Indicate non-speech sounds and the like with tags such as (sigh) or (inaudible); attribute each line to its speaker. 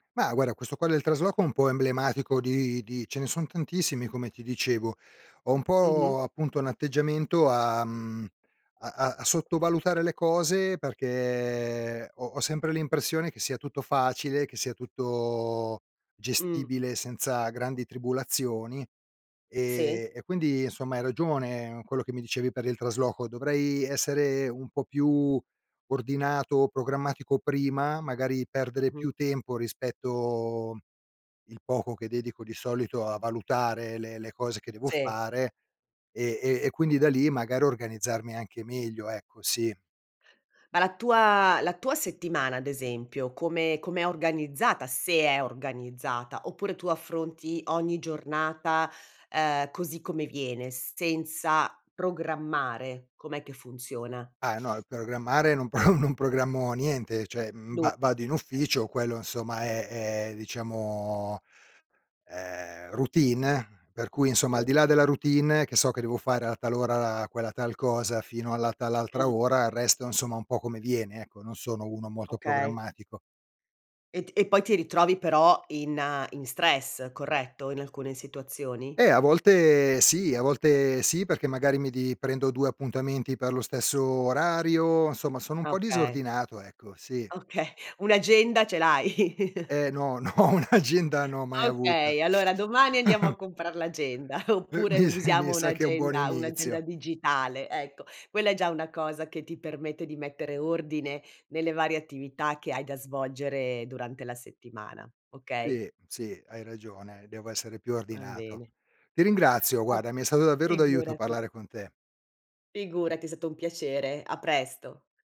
Speaker 1: Ma guarda questo qua del trasloco è un po' emblematico di di ce ne sono tantissimi come ti dicevo. Ho un
Speaker 2: Mh-mh.
Speaker 1: po' appunto un atteggiamento a, mhmm, a a a sottovalutare le cose perché ho ho sempre l'impressione che sia tutto facile, che sia tutto
Speaker 2: Mh.
Speaker 1: gestibile senza grandi tribulazioni
Speaker 2: Sì.
Speaker 1: e e quindi insomma hai ragione, quello che mi dicevi per il trasloco, dovrei essere un po' più ordinato, programmatico prima, magari perdere
Speaker 2: Mh-mh.
Speaker 1: più tempo rispetto il poco che dedico di solito a valutare le le cose che devo
Speaker 2: Sì.
Speaker 1: fare e e e quindi da lì magari organizzarmi anche meglio, ecco, sì.
Speaker 2: Ma la tua la tua settimana ad esempio, come com'è organizzata? Se è organizzata, oppure tu affronti ogni giornata, ehm, così come viene, senza programmare, com'è che funziona?
Speaker 1: Ah no, il programmare non pro non programmo niente, cioè, mhmm,
Speaker 2: Nu
Speaker 1: va vado in
Speaker 2: eh.
Speaker 1: ufficio, quello insomma è è diciamo, ehm, routine, per cui insomma al
Speaker 2: Sì.
Speaker 1: di là della routine che so che devo fare a tal ora quella tal cosa, fino alla tal altra
Speaker 2: Mh.
Speaker 1: ora il resto insomma un po' come viene, ecco, non sono uno molto
Speaker 2: Okay.
Speaker 1: programmatico.
Speaker 2: E t poi ti ritrovi però in in stress, corretto? In alcune situazioni?
Speaker 1: Eh a volte sì, a volte sì, perché magari mi di prendo 2 appuntamenti per lo stesso orario, insomma sono un po'
Speaker 2: Okay.
Speaker 1: disordinato, ecco, sì.
Speaker 2: Okay, un'agenda ce l'hai?
Speaker 1: Eh no, no, un'agenda no, mai
Speaker 2: Ah
Speaker 1: avuta.
Speaker 2: okay allora domani andiamo a
Speaker 1: (chuckles)
Speaker 2: comprar l'agenda
Speaker 1: Uh,
Speaker 2: oppure
Speaker 1: mi s mi
Speaker 2: usiamo
Speaker 1: sa che è un buon
Speaker 2: un'agenda un'agenda
Speaker 1: inizio.
Speaker 2: digitale, ecco. Quella è già una cosa che ti permette di mettere ordine nelle varie attività che hai da svolgere durante la settimana, okay?
Speaker 1: Sì, sì, hai ragione, devo essere più
Speaker 2: Va
Speaker 1: ordinato.
Speaker 2: bene.
Speaker 1: Ti ringrazio guarda,
Speaker 2: (unintelligible)
Speaker 1: mi è stato davvero d'aiuto
Speaker 2: Figurati.
Speaker 1: parlare con te.
Speaker 2: Figurati, è stato un piacere. A presto.